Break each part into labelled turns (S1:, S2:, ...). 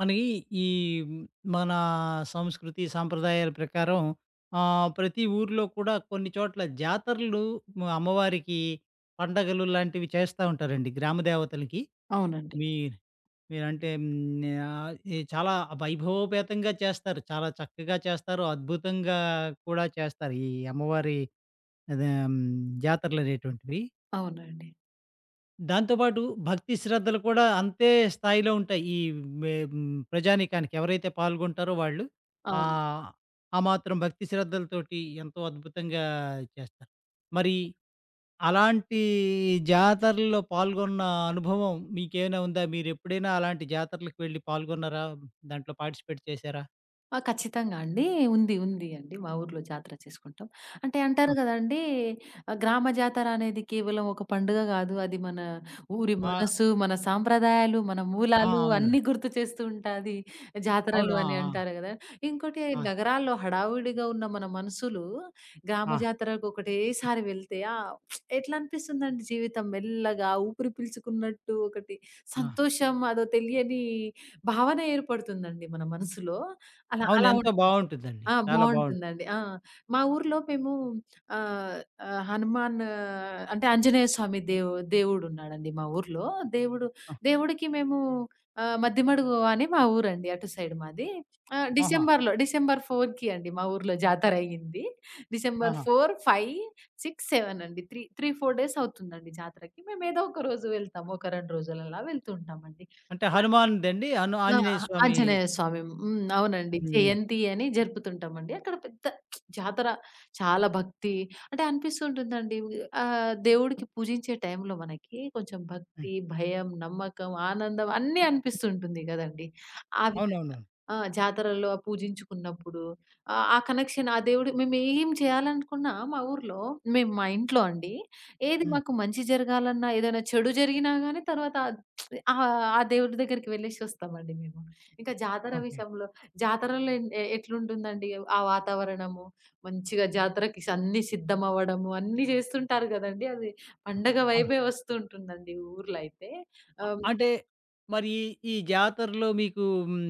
S1: మనకి, ఈ హ్మ్. మన సంస్కృతి సాంప్రదాయాల ప్రకారం ఆహ్, ప్రతి ఊరిలో కూడా కొన్ని చోట్ల జాతరలు అమ్మవారికి పండగలు లాంటివి చేస్తా ఉంటారండి. గ్రామదేవతలకి.
S2: అవునండి.
S1: మీ మీరంటే హ్మ్, ఆహ్, ఎ చాలా వైభవోపేతంగా చేస్తారు, చాలా చక్కగా చేస్తారు, అద్భుతంగా కూడా చేస్తారు. ఈ అమ్మవారి అదే హ్మ్, జాతరలనేటువంటివి.
S2: అవునండి.
S1: దాంతో పాటు భక్తి శ్రద్ధలు కూడా అంతే స్థాయిలో ఉంటాయి. ఈ మె హ్మ్, ప్రజానీకానికి ఎవరైతే పాల్గొంటారో వాళ్ళు.
S2: అవును.
S1: ఆహ్, ఆ మాత్రం భక్తి శ్రద్ధలతోటి ఎంతో అద్భుతంగా చేస్తారు. మరి అలాంటి జాతరలో పాల్గొన్న అనుభవం మీకేమైనా ఉందా? మీరెప్పుడైనా అలాంటి జాతరలకి వెళ్లి పాల్గొన్నారా? దాంట్లో పార్టిసిపేట్ చేసారా?
S2: ఆ! ఖచ్చితంగా అండి. ఉంది, ఉంది అండి. మా ఊరులో జాతర చేసుకుంటాం. అంటే అంటారు
S1: ఆ!
S2: కదండీ ఆహ్, గ్రామ జాతరనేది, కేవలం ఒక పండుగ గాదు. అది మన ఊరి
S1: ఆ!
S2: మనసు, మన సాంప్రదాయాలు, మన
S1: ఆ!
S2: మూలాలు
S1: అవును.
S2: అన్ని గుర్తు చేస్తూ ఉంటాది.
S1: అవును.
S2: జాతరలు
S1: ఆ!
S2: అని
S1: ఆ!
S2: అంటారు కదా! ఇంకోటి
S1: ఆ!
S2: నగరాల్లో హడావుడిగా ఉన్న మన మనసులు, గ్రామ
S1: ఆ!
S2: జాతరకొకటే సారి వెళ్తే ఎట్లా అనిపిస్తుందండి జీవితం మెల్లగా ఊపిరి పీల్చుకున్నట్టు ఒకటి,
S1: ఆ!
S2: సంతోషం అదో తెలియని భావన ఏర్పడుతుందండి మన మనసులో. అలా
S1: అవును.
S2: అలా
S1: ఎంతో
S2: ఉంటుంది.
S1: బావుంటుందండి.
S2: ఆ!
S1: చాలా బావుంటు
S2: బావుంటుందండి. ఆ! మా ఊరిలో మేము ఆహ్, ఆహ్, హనుమాను అంటే ఆంజనేయ స్వామి దేవు దేవుడున్నాడండి మా ఊరిలో. దేవుడు
S1: ఆ!
S2: దేవుడికి మేము ఆహ్, మద్దిమడుగు అని మా ఊరండి. అటు సైడు మాది. ఆహ్,
S1: ఆహా!
S2: డిసెంబర్‌లో డిసెంబర్ 4కి అండి మా ఊర్లో జాతరయ్యింది. డిసెంబర్
S1: ఆహా!
S2: 4, 5, 6, 7 అండి 3 3, 4 డేస్ అవుతుందండి జాతరకి. మేమేదోక రోజు వెళ్తాం. ఒక 2 రోజులలా వెళ్తూ ఉంటామండి.
S1: అంటే
S2: జాత
S1: హనుమాన్‌దండి? అను
S2: ఆ!
S1: ఆంజనేయ స్వామి
S2: ఆంజనేయ స్వామి హ్మ్. అవునండి.
S1: హ్మ్.
S2: జయంతి అని జరుపుతుంటామండి. అక్కడ పెద్ద జాతర చాలా భక్తి అంటే అనిపిస్తుంటుందండి. ఉ ఆహ్, దేవుడికి పూజించే టైంలో మనకి కొంచెం
S1: హ్మ్
S2: భక్తి, భయం, నమ్మకం, ఆనందం అన్నీ అనిపిస్తూ ఉంటుంది కదండీ! ఆ విధంగా.
S1: అవునవును.
S2: ఆ! జాతరలో పూజించుకున్నప్పుడు. ఆ ఆ కనెక్షన్, ఆ దేవుడు మేమేం చేయాలనుకున్నా మా ఊరిలో మేము మా ఇంట్లో అండి, ఏది
S1: హ్మ్.
S2: మాకు మంచి జరగాలన్నా, ఏదైనా చెడు జరిగినా గానీ తర్వాత ఆహ్, ఆ దేవుడి దగ్గరికి వెళ్లేసొస్తామండి మేము. ఇంకా జాతర
S1: ఓకె.
S2: విషయంలో జాతరలో ఎన్ ఎట్లుంటుందండి, ఆ వాతావరణము మంచిగా జాతరకి అన్ని సిద్ధమవ్వడము అన్నీ చేస్తుంటారు కదండీ! అది
S1: అ!
S2: పండగ
S1: ఆ!
S2: వైభే వస్తూ ఉంటుందండి ఊరులో అయితే.
S1: అ
S2: ఆహ్, హ్మ్
S1: అంటే మరి ఈ జాతరలో మీకు హ్మ్,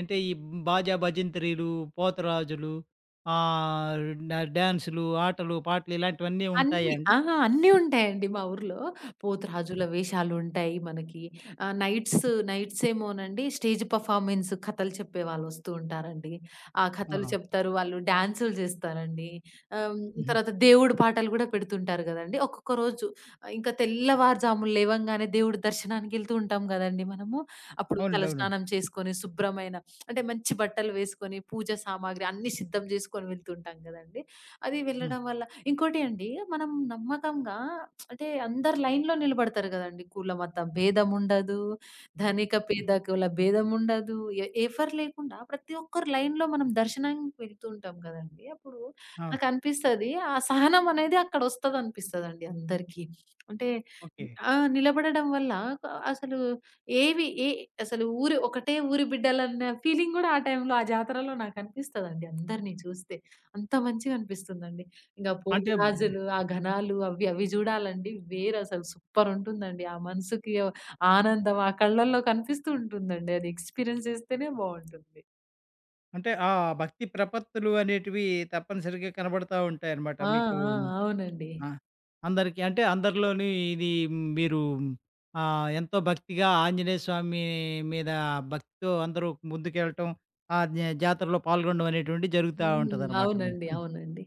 S1: అంటే ఈ భాజా భజంత్రీలు, పోతురాజులు, ఆహ్, డా డ్యాన్సులు, ఆటలు, పాటలు ఇలాంటివన్నీ
S2: అన్నీ.
S1: ఉంటాయాండి?
S2: అహా! అన్నీ ఉంటాయండి మా ఊరులో. పోతురాజుల
S1: ఆ!
S2: వేషాలుంటాయి మనకి, ఆహ్, నైట్స్, నైట్సేమో నండి స్టేజ్ పెర్ఫార్మన్స్ కథలు చెప్పే వాళ్ళొస్తూ ఉంటారండి. ఆ కథలు
S1: ఆహా!
S2: చెప్తారు, వాళ్ళు డాన్సులు జేస్తారండి. ఆహ్, హ్మ్,
S1: హుహు.
S2: తర్వాత దేవుడు పాటలు గూడా పెడుతుంటారు గదండీ! ఒక్కొక్క రోజు, ఆహ్, ఇంకా తెల్లవారు జామున లేవంగానే దేవుడి దర్శనానికి యెళ్తూ ఉంటాందండీ మనము, అప్పుడు తల
S1: అవునండి. అవునండి.
S2: స్నానం చేసుకొని, శుభ్రమైన అంటే మంచి బట్టలు వేసుకొని, పూజా సామాగ్రి అన్ని సిద్ధం చేసుకొని వెళ్తుంటాం కదండీ! అది
S1: హ్మ్.
S2: వెళ్ళడం వల్ల ఇంకోటి అండి మనం నమ్మకంగా అంటే, అందరు లైన్‌లో నిలబడతారు కదండీ! కులమత భేదముండదు ధనిక,
S1: హ్మ్.
S2: పేదకుల భేదముండదు. ఎ ఎవ్వరు లేకుండా ప్రతి ఒక్కరు లైన్‌లో మనం దర్శనానికి వెళ్తూ ఉంటాం కదండీ! అప్పుడు
S1: ఆ!
S2: నాకనిపిస్తది, ఆ సహనమనేది అక్కడొస్తదనిపిస్తది అందరికి. అంటే
S1: ఓకె.
S2: ఆ నిలబడడం వల్ల, నాకు అసలు ఏవి ఎ అసలు ఊరు ఒకటే ఊరు బిడ్డలన్న ఫీలింగ్ గూడా ఆ టైంలో, ఆ జాతరలో నాకనిపిస్తదండి. అందరిని చూస్తే. అంత మంచిగా అనిపిస్తుందండి. ఇంగా
S1: అంటే హ్మ్
S2: పోతురాజులు, ఆ ఘనాలు అవ్వి, అవి జూడాలండి వేరసలు సూపరుంటుందండి. ఆ మనసుకి ఓ ఆనందం ఆ కళ్ళలో కనిపిస్తూ ఉంటుందండి. అది ఎక్స్‌పీరియన్స్ చేస్తేనే బావుంటుంది.
S1: అంటే, ఆ భక్తి ప్రపత్తులు అనేటివీ తప్పనిసరిగా కనబడతా ఉంటాయనమాట
S2: ఆ!
S1: మీకూ
S2: ఆ! అవునండి.
S1: ఆహ్, అందరికి. అంటే, అందరిలోనీ ఇదీ మీరూ ఆహ్, ఎంతో భక్తిగా ఆంజనేయ స్వామీ మీదా భక్తితో అందరూ ముందుకెళ్ళటం, ఆ న్యా జాతరలో పాల్గొనడవనేటువంటిది
S2: హ్మ్.
S1: జరుగుతా
S2: హ్మ్.
S1: ఉంటుందనమాట. హ్మ్.
S2: అవునండి.
S1: హు.
S2: అవునండి.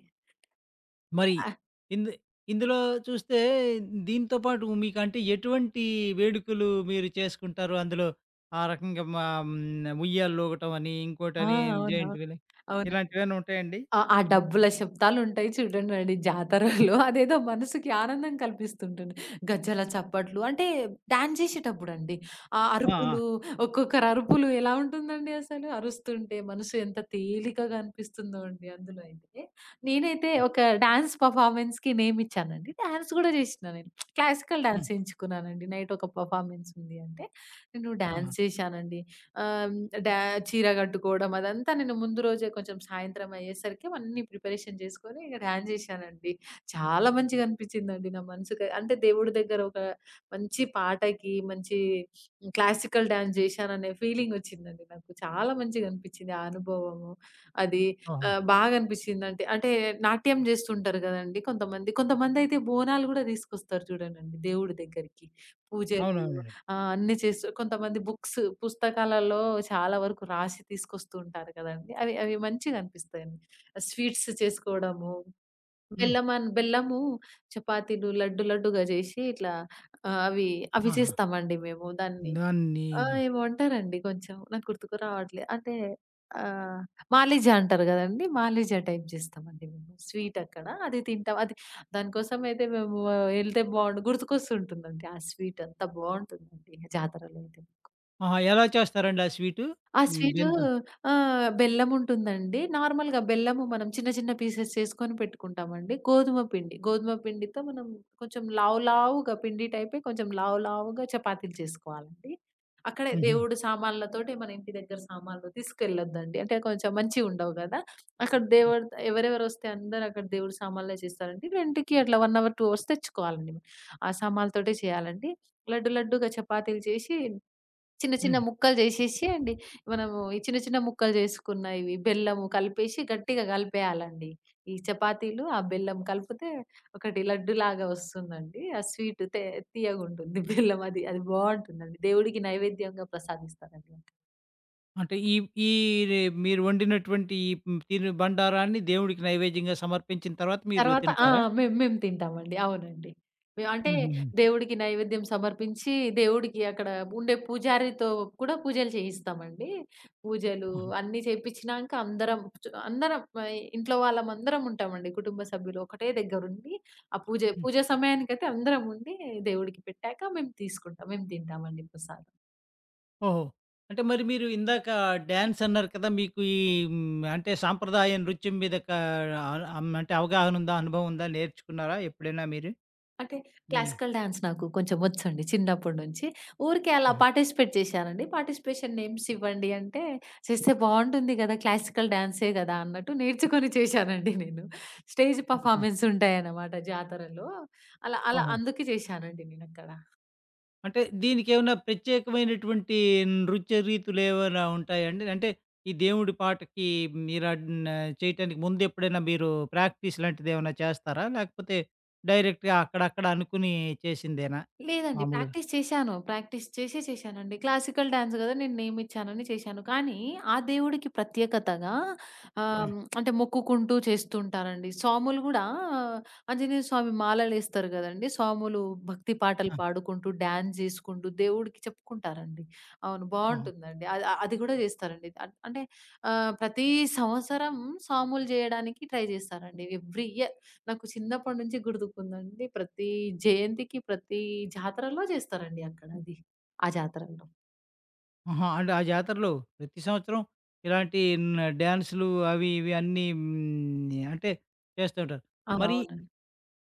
S1: మరి
S2: ఆ!
S1: ఇందె ఇందులో చూస్తే దీనితో పాటూ మీకంటే, ఎటువంటీ వేడుకలూ మీరు చేసుకుంటారు. అందులో ఆ రకంగా మా హ్మ్. ఉయ్యాలలూగటమనీ,
S2: ఆ!
S1: ఇంకోటనీ, హ్మ్.
S2: అవును.
S1: జైంట్ వీలె,
S2: అవునండి.
S1: ఇలాంటివేవన్నుంటాయండి?
S2: ఆ ఆ డబ్బుల శబ్దాలుంటాయి చూడండండి జాతరలో అదేదో మనసుకి ఆనందం కల్పిస్తుంటుంటుంది. గజ్జల చప్పట్లు. అంటే, డ్యాన్ జేషేటప్పుడండీ. ఆ
S1: ఆ! ఆ!
S2: అరుపులు, ఒక్కొక్కరరుపులు ఎలా ఉంటుందండి అసలు అరుస్తుంటే, మనసు ఎంత తేలికగా అనిపిస్తుందో అండి అందులో అయితే. నేనైతే
S1: హ్మ్.
S2: ఒక డాన్స్ పెర్ఫార్మన్స్‌కి నేమిచ్చానండి. డ్యాన్స్ గూడా జేషినా నేను. క్లాసికల్
S1: హ్మ్.
S2: డాన్సెంచుకున్నానండి. నైటొక పెర్ఫార్మన్సుంది అంటే, నేను
S1: ఆహా!
S2: డాన్స్ చేశానండి. ఆహ్, హ్మ్, డా చీర గట్టుకోడం అదంతా నేను ముందు రోజే కొంచెం సాయంత్రమయ్యేసరికి అన్నీ ప్రిపరేషన్ జేసుకోనీ, ఇక డాన్స్ జేషానండి. చాలా మంచిగా అనిపిచ్చిందండి నా మనసుకి. అంటే, దేవుడి దగ్గర ఒక మంచి పాటకి, మంచీ క్లాసికల్ డాన్స్ జేషాననే ఫీలింగొచ్చిందండి నాకు. చాలా మంచిగనిపిచ్చింది ఆ అనుభవము, అదీ
S1: ఓహో!
S2: ఆహ్, బాగనిపిచ్చిందంటి. అంటే, నాట్యం జేస్తుంటారు గదండీ కొంతమంది, కొంతమందయితే బోనాలు గూడా దీసుకొస్తారు జూడండండి దేవుడి దగ్గరికి. పూజలూ
S1: అవునవునండి.
S2: ఆహ్, అన్నీ చేస్తరు. కొంతమంది బుక్స్, పుస్తకాలల్లో చాలా వరకు రాసి తీసుకొస్తూ ఉంటారు కదండీ, అవి అవి మంచిగనిపిస్తాయండి. ఆహ్, స్వీట్స్ చేసుకోడము,
S1: హ్మ్.
S2: బెల్లమన్ బెల్లము, చపాతీలు, లడ్డు లడ్డుగా జేషి ఇట్లా ఆహ్, అవీ అవి
S1: ఆహా!
S2: చేస్తామండి మేము. దాన్ని
S1: దాన్నీ
S2: ఆహ్, ఏమో అంటారండి, కొంచెం నాకు గుర్తుకు రావట్లే. అంటే, ఆహ్, మాలిజ అంటారు గదండీ, మాలిజ టైప్ జేస్తామండి మేము. స్వీటక్కడా అది తింటాం. అది దాని కోసమయితే మేమూ ఎళ్తే బావుండు. గుర్తుకొస్తుంటుందండి ఆ స్వీటు. అంత బావుంటుందండి జాతరలోదింకా.
S1: ఆహా! ఎలా చేస్తారండి ఆ స్వీటు,
S2: ఆ
S1: హ్మ్.
S2: స్వీటూ
S1: దేంతో?
S2: ఆహ్, బెల్లముంటుందండి. నార్మల్‌గా బెల్లము మనం చిన్న చిన్న పీసెస్ చేసుకొని పెట్టుకుంటామండి. గోధుమ పిండి, గోధుమ పిండితో మనం కొంచెం లావు లావుగా పిండి టైపే కొంచెం లావు లావుగా చపాతీలు చేసుకోవాలండి. అక్కడే
S1: హుహు.
S2: దేవుడు సామాన్లతోటే, మన ఇంటి దగ్గర సామాన్లు తీసుకెళ్లొద్దండి. అంటే కొంచెం మంచివి ఉండవు కదా! అక్కడ
S1: హ్మ్.
S2: దేవుడు, ఎవరెవరు వస్తే అందరూ అక్కడ దేవుడి సామాన్లు చేస్తారండి. రెంట్‌కి అట్లా 1 అవర్, 2 అవర్స్ తెచ్చుకోవాలండి. ఆ సామాన్లతోటే చేయాలండి. లడ్డు, లడ్డులాగా చపాతీలు చేసి చిన్న చిన్న
S1: హ్మ్.
S2: ముక్కలు జేసేసి అండి. మనము ఈ చిన్న చిన్న ముక్కలు చేసుకున్నవి బెల్లం కలిపేసి గట్టిగా కలిపేయాలండి. ఈ చపాతీలు, ఆ బెల్లం కలిపితే ఒకటి లడ్డులాగా వస్తుందండి. ఆ స్వీట్ తే తియ్యగా ఉంటుంది. బెల్లం అది, అది బావుంటుందండి. దేవుడికి నైవేద్యంగా ప్రసాదిస్తారండి.
S1: అంటే ఈ ఈ రె మీరు వండినటువంటి ఈ హ్మ్, తిను బండారాన్ని దేవుడికి నైవేద్యంగా సమర్పించిన తర్వాత మీరు
S2: తర్వాత ఆ!
S1: తింటారా?
S2: మేము మేము తింటామండి. అవునండి. అంటే
S1: హుహుహు.
S2: దేవుడికి నైవేద్యం సమర్పించి, దేవుడికి అక్కడ ఉండే పూజారితో కూడా పూజలు చేయిస్తామండి. పూజలు
S1: ఆహా!
S2: అన్నీ చేపించినాక అందరం, అందరం ఆహ్, ఇ ఇంట్లో వాళ్ళం అందరం ఉంటామండి. కుటుంబ సభ్యులు ఒకటే దగ్గర ఉండి, ఆ పూజ,
S1: హ్మ్.
S2: పూజ సమయానికైతే అందరం ఉండి దేవుడికి పెట్టాక మేము తీసుకుంటాం, మేము తింటామండి ప్రసాదం.
S1: ఓహో! అంటే మరి మీరు ఇందాక డాన్సన్నారు కదా! మీకు ఈ అంటే సాంప్రదాయ నృత్యం మీద కా ఆహ్, అం అంటే అవగాహన ఉందా? అనుభవం ఉందా? నేర్చుకున్నారా ఎప్పుడైనా మీరు?
S2: అంటే
S1: నీ
S2: క్లాసికల్ డాన్స్ నాకు కొంచెం వచ్చండి చిన్నప్పటి నుంచి. ఊరికే అలా
S1: ఆ!
S2: పార్టిసిపేట్ చేశానండి. పార్టిసిపేషన్ నేమ్స్ ఇవ్వండి అంటే చేస్తే బావుంటుంది గదా! క్లాసికల్ డాన్సే గదా అన్నట్టు నేర్చుకొని చేశానండి నేను. స్టేజ్
S1: ఆహా!
S2: పెర్ఫార్మన్స్ ఉంటాయన్నమాట జాతరలో. అలా అలా
S1: ఓహో!
S2: అందుకే చేశానండి నేను అక్కడ.
S1: అంటే దీనికి ఏమైనా ప్రత్యేకమైనటువంటి నృత్య రీతులు ఏమైనా ఉంటాయా అండి? అంటే ఈ దేవుడి పాటకి మీరన్ చేయటానికి ముందెప్పుడైనా మీరు ప్రాక్టీస్ లాంటిది ఏమైనా చేస్తారా? లేకపోతే డైరెక్ట్‌గా అక్కడ అక్కడ అనుకోని చేసిందేనా
S2: లేదండి.
S1: మామూలుగా?
S2: ప్రాక్టీస్ చేశాను. ప్రాక్టీస్ చేసే చేశానండి. క్లాసికల్ డాన్స్ గదా! నేను నేమిచ్చానని చేశాను. కానీ ఆ దేవుడికి ప్రత్యేకతగా
S1: ఆ!
S2: ఆహ్, అంటే మొక్కుకుంటూ చేస్తూ ఉంటారండి. స్వాములు గూడా ఆంజనేయ స్వామి మాలలు ఎస్తరు గదండీ! స్వాములు భక్తి పాటలు
S1: ఆ!
S2: పాడుకుంటూ డాన్స్ జేసుకుంటూ దేవుడికి చెప్పుకుంటారండి. అవును.
S1: హుహు.
S2: బావుంటుందండి. అ అది కూడా జేస్తారండి. ఆహ్, అంటే ఆహ్, ప్రతి సంవత్సరం సాములు జేయడానికి ట్రై జేస్తారండి. ఎవ్రి ఇయర్ నాకు చిన్నప్పటి నుంచి గుర్తుకుందండి ప్రతి జయంతికి ప్రతి జాతరలో చేస్తారండి అక్కడ అది ఆ జాతరలో.
S1: ఆహా! అంటే ఆ జాతరలో ప్రతి సంవత్సరం ఇలాంటీ న డ్యాన్సులు అవీ, ఇవీ అన్నీ హ్మ్, య అంటే, చేస్తుంటారు.
S2: ఆ!
S1: మరీ
S2: అవునండి.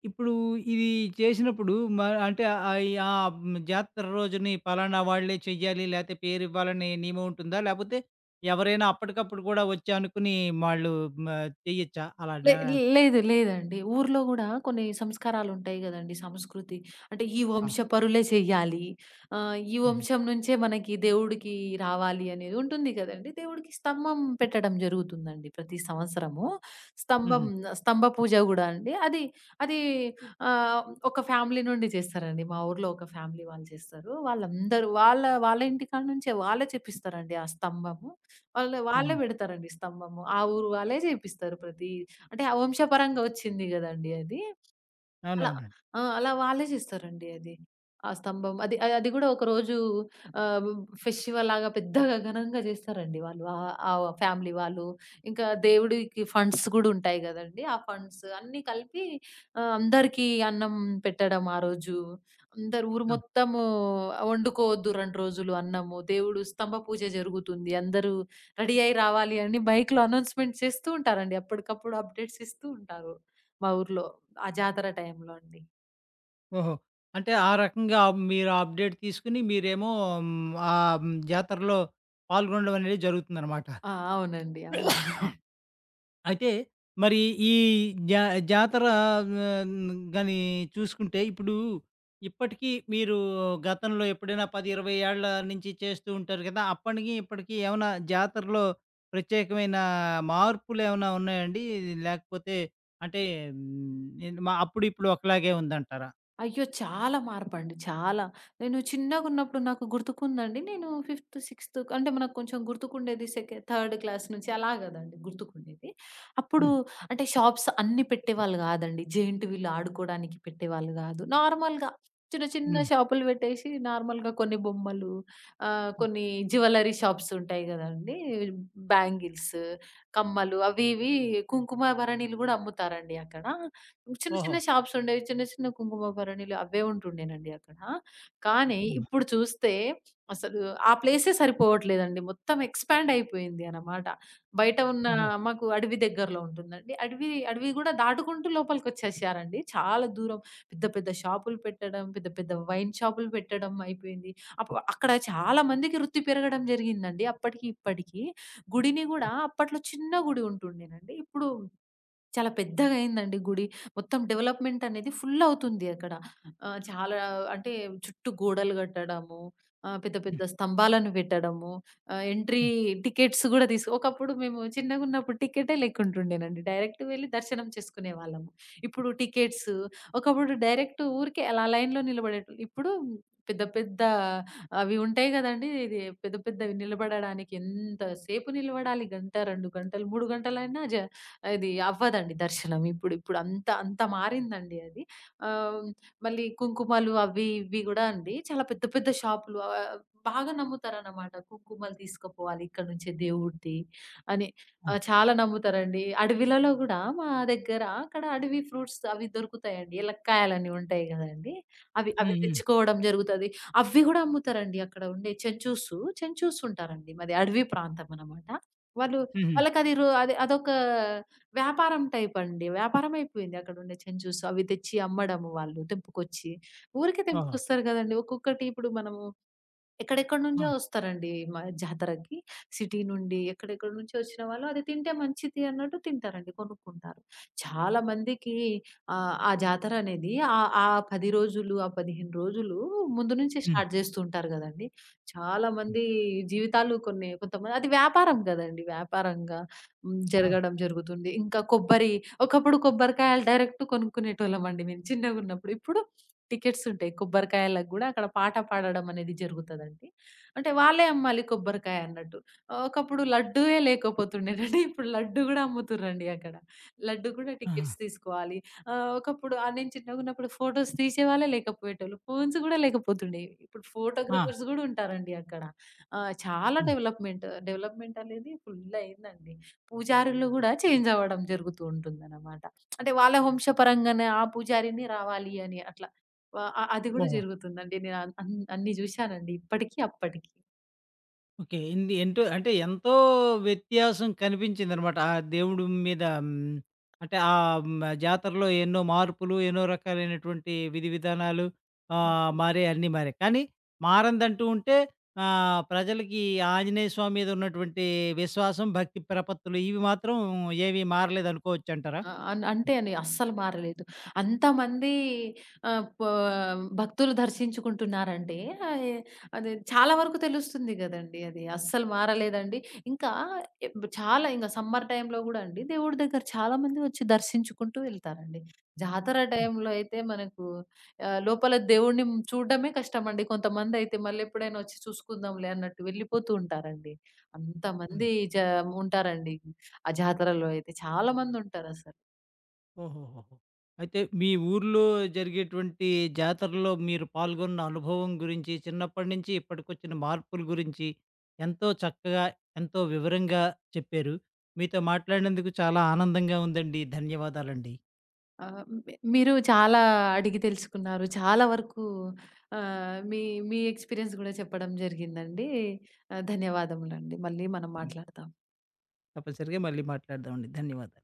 S1: ఇప్పుడూ ఇదీ చేసినప్పుడు, మా అంటే, ఆహ్, యా హ్మ్, జాతర రోజుని పలానా వాళ్ళే చెయ్యాలి, లేతే పేరివ్వాలనే నియమముంటుందా, లేపోతే ఎవరైనా అప్పడికప్పుడు గూడా ఒచ్చి అనుకునీ వాళ్ళూ మ చెయ్యచ్చా అలా
S2: లే
S1: డా
S2: లేదు లేదండి. ఊరులో గూడా కొన్ని సంస్కారాలుంటాయి గదండి, సంస్కృతి. అంటే, ఈ
S1: ఆ!
S2: వంశపరులే చెయ్యాలి, ఆహ్, ఈ
S1: హుహు.
S2: వంశం నుంచే మనకి దేవుడికీ రావాలి అనేది ఉంటుంది గదండి! దేవుడికి స్తంభం పెట్టడం జరుగుతుందండి ప్రతి సంవత్సరమూ.
S1: హుహు.
S2: స్తంభం ఆహ్, స్తంభ పూజ గూడా అండి. అది అదీ ఆహ్, ఒక ఫ్యామిలీ నుండి జేస్తారండి. మా ఊరులో ఒక ఫ్యామిలీ వాళ్ళు చేస్తారూ. వాళ్ళందరు వాళ్ళా వాళ్ళ ఇంటికాడ నుంచే, వాళ్ళే చెప్పిస్తారండి ఆ స్తంభము. వాళ్ళె, వాళ్ళే
S1: హుహు.
S2: బెడతారండి స్తంభము. ఆ ఊరు వాళ్ళే జేపిస్తారు ప్రతీ అంటే, ఆ వంశపరంగా ఒచ్చింది గదండీ అది, అలా.
S1: అవునవునండి.
S2: ఆ! అలా వాళ్ళే జేస్తారండి అది. ఆ స్తంభం, అది ఆహ్, అది గూడా ఒకరోజూ ఆహ్, బ్-బ్ ఫెస్టివల్‌లాగా పెద్దగా ఘనంగా జేస్తారండి వాళ్ళు, ఆహ్, ఆ ఫ్యామిలీ వాళ్ళు, ఇంకా దేవుడికి ఫండ్స్ గూడుంటాయి గదండీ, ఆ ఫండ్స్ అన్నీ కలిపి, ఆహ్, అందరికీ అన్నం పెట్టడం ఆ రోజూ, అందరు ఊరు
S1: ఆ!
S2: మొత్తమూ ఆహ్, ఒండుకోవద్దు 2 రోజులు అన్నము, దేవుడు స్తంభ పూజ జరుగుతుంది అందరూ రెడీ అయ్యి రావాలి అని మైక్‌లో అనౌన్స్‌మెంట్ చేస్తూ ఉంటారండి అప్పడికప్పుడు అప్‌డేట్సిస్తూ ఉంటారు, మా ఊరులో ఆ జాతర టైంలో అండి.
S1: ఓహో! అంటే ఆ రకంగా మీరు అప్‌డేట్ తీసుకొని మీరేమో హ్మ్. ఆ జాతరలో పాల్గొనడం అనేది జరుగుతుందనమాట.
S2: ఆ! అవునండి. అవును.
S1: అయితే మరి ఈ జా జాతర గ గాని చూసుకుంటే ఇప్పుడు ఇప్పటికీ మీరు గతంలో ఎప్పుడైనా 10, 20 ఏళ్ళ నుంచి చేస్తూ ఉంటారు గదా! అప్పడికి ఇప్పడికి ఏమన్నా జాతరలో ప్రత్యేకమైన మార్పులు ఏమైనా ఉన్నాయా అండి? లేకపోతే అంటే హ్మ్, నె మా అప్పుడు ఇప్పుడు ఒకలాగే ఉందంటారా?
S2: అయ్యో! చాలా మార్పండి చాలా. నేను చిన్నగున్నప్పుడు నాకు గుర్తుకుందండి. నేను ఫిఫ్త్, సిక్స్త్ అంటే మనకు కొంచెం గుర్తుకుండేది సెక థర్డ్ క్లాస్ నుంచి అలా గదండి! గుర్తుకుండేది. అప్పుడు
S1: హ్మ్.
S2: అంటే షాప్స్ అన్నీ పెట్టేవాళ్ళు గాదండి. జయింట్ వీల్ ఆడుకోవడానికి పెట్టేవాళ్ళు గాదు. నార్మల్‌గా చిన్న చిన్న
S1: హ్మ్.
S2: షాపులు పెట్టేశి నార్మల్‌గా కొన్ని బొమ్మలు ఆహ్, కొన్ని జ్యువెల్లరీ షాప్స్ ఉంటాయి గదండీ! బ్యాంగిల్స్, కమ్మలు అవి ఇవీ కుంకుమ భరణిలు గూడా అమ్ముతారండి అక్కడ. చిన్న
S1: ఓహో!
S2: చిన్న షాప్స్ ఉండేవి. చిన్న చిన్న కుంకుమ భరణిలు అవ్వే ఉంటుండేనండి అక్కడ. కానీ
S1: అవునా!
S2: ఇప్పుడు చూస్తే అసలు ఆ ప్లేసే సరిపోవట్లేదండి. మొత్తం ఎక్స్‌పాండ్ అయిపోయింది అన్నమాట. బయట ఉన్న
S1: ఓహో!
S2: మాకు అడవి దగ్గరలో ఉంటుందండి. అడవి, అడవి గూడా దాటుకుంటూ లోపలికొచ్చేశారండి. చాలా దూరం. పెద్ద పెద్ద షాప్లు పెట్టడం పెద్ద పెద్ద వైన్ షాపులు పెట్టడం అయిపోయింది. అప్పు అక్కడ చాలా చాలా మందికి వృత్తి పెరగడం జరిగిందండి, అప్పటికి ఇప్పడికి. గుడిని గూడా
S1: హ్మ్.
S2: అప్పట్లో చిన్న గుడి ఉంటుండేనండి. ఇప్పుడు చాలా పెద్దగయిందండి గుడి. మొత్తం డెవలప్‌మెంట్ అనేది ఫుల్ అవుతుంది అక్కడ. ఆహ్, చాలా అంటే చుట్టూ గోడలు గట్టడము ఆహ్, పెద్ద పెద్ద స్తంభాలను పెట్టడము ఆహ్, ఎంట్రీ టికెట్స్ గూడా దీస్ ఒకప్పుడు మేము చిన్నగున్నప్పుడు టికెట్టే లేక్కుంటుండేనండి డైరెక్ట్ వెళ్లి దర్శనం చేసుకునేవాళ్ళం. ఇప్పుడు టికెట్స్ ఒకప్పుడు డైరెక్ట్ ఊరికే అలా లైన్‌లో నిలబడేటోల్ ఇప్పుడు పెద్ద పెద్ద అవి ఉంటాయి గదండీ! ఇదీ పెద్ద పెద్దవి నిలబడడానికి ఎంత సేపు నిలబడాలి. గంట, 2 గంటలు 3 గంటలయినా జ అది అవ్వదండి దర్శనం ఇప్పుడు ఇప్పుడంత అంత మారిందండి అది ఆహ్, మళ్ళీ కుంకుమలు అవ్వి ఇవ్వి గూడా అండి. చాలా పెద్ద పెద్ద షాపులు ఆహ్, బాగా నమ్ముతారనమాట. కుంకుమలు తీసుకుపోవాలి ఇక్కడి నుంచే దేవుడిది అని.
S1: ఆ!
S2: ఆహ్, చాలా నమ్ముతారండి అడవిలలో గూడా మా దగ్గర అక్కడ అడవి ఫ్రూట్స్ అవి దొరుకుతాయండి ఎలక్కాయలని ఉంటాయి గదండీ! అవి, అవి
S1: హుహు.
S2: తెచ్చుకోవడం జరుగుతది. అవి గూడా అమ్ముతరండి అక్కడ ఉండే చెంచూసు. చెంచూస్ ఉంటారండి. మాది అడవి ప్రాంతం అనమాట. వాళ్ళు
S1: హుహు.
S2: వాళ్ళకది రు అది అదొక వ్యాపారం టైప్ అండి. వ్యాపారం అయిపోయింది అక్కడుండే చెంచూస్ అవి తెచ్చి అమ్మడము, వాళ్ళు తెంపుకొచ్చి. ఊరికే
S1: ఓహో!
S2: తెంపుకొస్తారు గదండీ! ఒక్కొక్కటి ఇప్పుడు మనము ఎక్కడెక్కడ నుంచో
S1: ఆ!
S2: వస్తారండి మా జాతరకి. సిటీ నుండి, ఎక్కడెక్కడి నుంచో వచ్చిన వాళ్ళు అది తింటే మంచిది అన్నట్టు తింటారండి. కొనుక్కుంటారు. చాలామందికి ఆహ్, ఆ జాతరనేది ఆహ్, ఆ 10 రోజులు ఆ 15 రోజులు ముందు నుంచే
S1: హ్మ్.
S2: స్టార్ట్ జేస్తూంటారు గదండీ! చాలా
S1: హ్మ్.
S2: మంది జీవితాలు కొన్ని కొంతమంది అది వ్యాపారం గదండీ! వ్యాపారంగా హ్మ్.
S1: అవును.
S2: జరగడం జరుగుతుంది. ఇంకా కొబ్బరి ఒకప్పుడు కొబ్బరికాయలు డైరెక్ట్ కొనుక్కునేటోళ్ళమండి మేం చిన్నగున్నప్పుడు. ఇప్పుడు టికెట్స్ ఉంటాయి. కొబ్బరికాయలకు గూడా అక్కడ పాట పాడడం అనేది జరుగుతదండి. అంటే వాళ్ళే అమ్మాలి కొబ్బరికాయన్నట్టు. ఒకప్పుడు లడ్డూయే లేకపోతుండేనండి ఇప్పుడు లడ్డు గూడా అమ్ముతుర్రండి అక్కడ. లడ్డు గూడా టికెట్స్
S1: ఆహా!
S2: తీసుకోవాలి. ఆహ్, ఒకప్పుడు ఆహ్, నేను చిన్నగున్నప్పుడు ఫోటోస్ తీసేవాళ్లే లేకపోయేటోళ్ళు ఫోన్స్ గూడా లేకపోతుండేయి. ఇప్పుడు
S1: ఆ!
S2: ఫోటోగ్రాఫర్స్ గూడా ఉంటారండి అక్కడ. ఆహ్, చాలా
S1: హ్మ్.
S2: డెవలప్‌మెంట్. డెవలప్‌మెంట్ అనేది ఫుల్లయిందండి. పూజారులు గూడా చేంజ్ అవ్వడం జరుగుతూ ఉంటుందన్నమాట. అంటే వాళ్ళ వంశ పరంగానే ఆ పూజారినే రావాలి అని అట్లా వ అ అది కూడా
S1: ఓహో!
S2: జరుగుతుందండి నేనన్ అన్ అన్ని జూశానండి ఇప్పటికి అప్పటికి.
S1: ఓకే. ఏంది ఏంటో అంటే, ఎంతో వ్యత్యాసం కనిపించిందనమాట ఆ దేవుడు మీదా హ్మ్, అంటే, ఆహ్, హ్మ్, జాతరలో ఎన్నో మార్పులు, ఎన్నో రకాలైనటువంటి విధివిధానాలు, ఆహ్,
S2: కంప్లీ
S1: మారాయన్ని మారాయి, కానీ మారనదంటూ ఉంటే, ఆహ్, ప్రజలకీ ఆంజనేయ స్వామి మీదున్నటువంటీ విశ్వాసం, భక్తి ప్రపత్తులు. ఇవి మాత్రం ఏవీ మారలేదనుకోవచ్చంటారా?
S2: అ అన్ అంతే
S1: హ్మ్.
S2: అండి, అస్సలు మారలేదు. అంతమందీ ఆహ్, పా భక్తులు దర్శించుకుంటున్నారంటే, అయె అది చాలా వరుకు తెలుస్తుంది గదండీ అది. అస్సలు మారలేదండి. ఇంకా ఇబ్ చాలా ఇంగ సమ్మర్ టైమ్‌లో గూడా అండి, దేవుడు దగ్గర చాలా మంది ఒచ్చి దర్శించుకుంటూ వెళ్తారండి. జాతర
S1: హ్మ్.
S2: టైంలో అయితే, మనకూ ఆహ్, లోపల దేవుడుని హ్మ్, చూడడమే కష్టమండి. కొంతమందయితే మళ్ళెప్పుడైనా ఒచ్చి చూసుకుందాంలే అన్నట్టు వెళ్ళిపోతూ ఉంటారండి.
S1: హ్మ్.
S2: అంతమందీ చాం ఉంటారండి ఆ జాతరలో అయితే. చాలామందుంటారసలు.
S1: ఓహోహోహో! అయితే, మీ ఊరులో జరిగేటువంటీ జాతరలో మీరు పాల్గొన్న అనుభవం గురించి, చిన్నప్పడినించి ఇప్పడికొచ్చిన మార్పుల గురించి, ఎంతో చక్కగా, ఎంతో వివరంగా చెప్పారు. మీతో మాట్లాడినందుకు చాలా ఆనందంగా ఉందండి. ధన్యవాదాలండి.
S2: ఆహ్, మి మీరూ చాలా అడిగి తెలుసుకున్నారు. చాలా వరుకూ ఆహ్, మీ మీ ఎక్స్‌పీరియన్స్ గూడా చెప్పడం జరిగిందండీ, ఆహ్, ధన్యవాదములండి. మళ్ళీ మనం
S1: హ్మ్.
S2: మాట్లాడతాం.
S1: తప్పనిసరిగా మళ్ళీ మాట్లాడదామండి. ధన్యవాదాలు.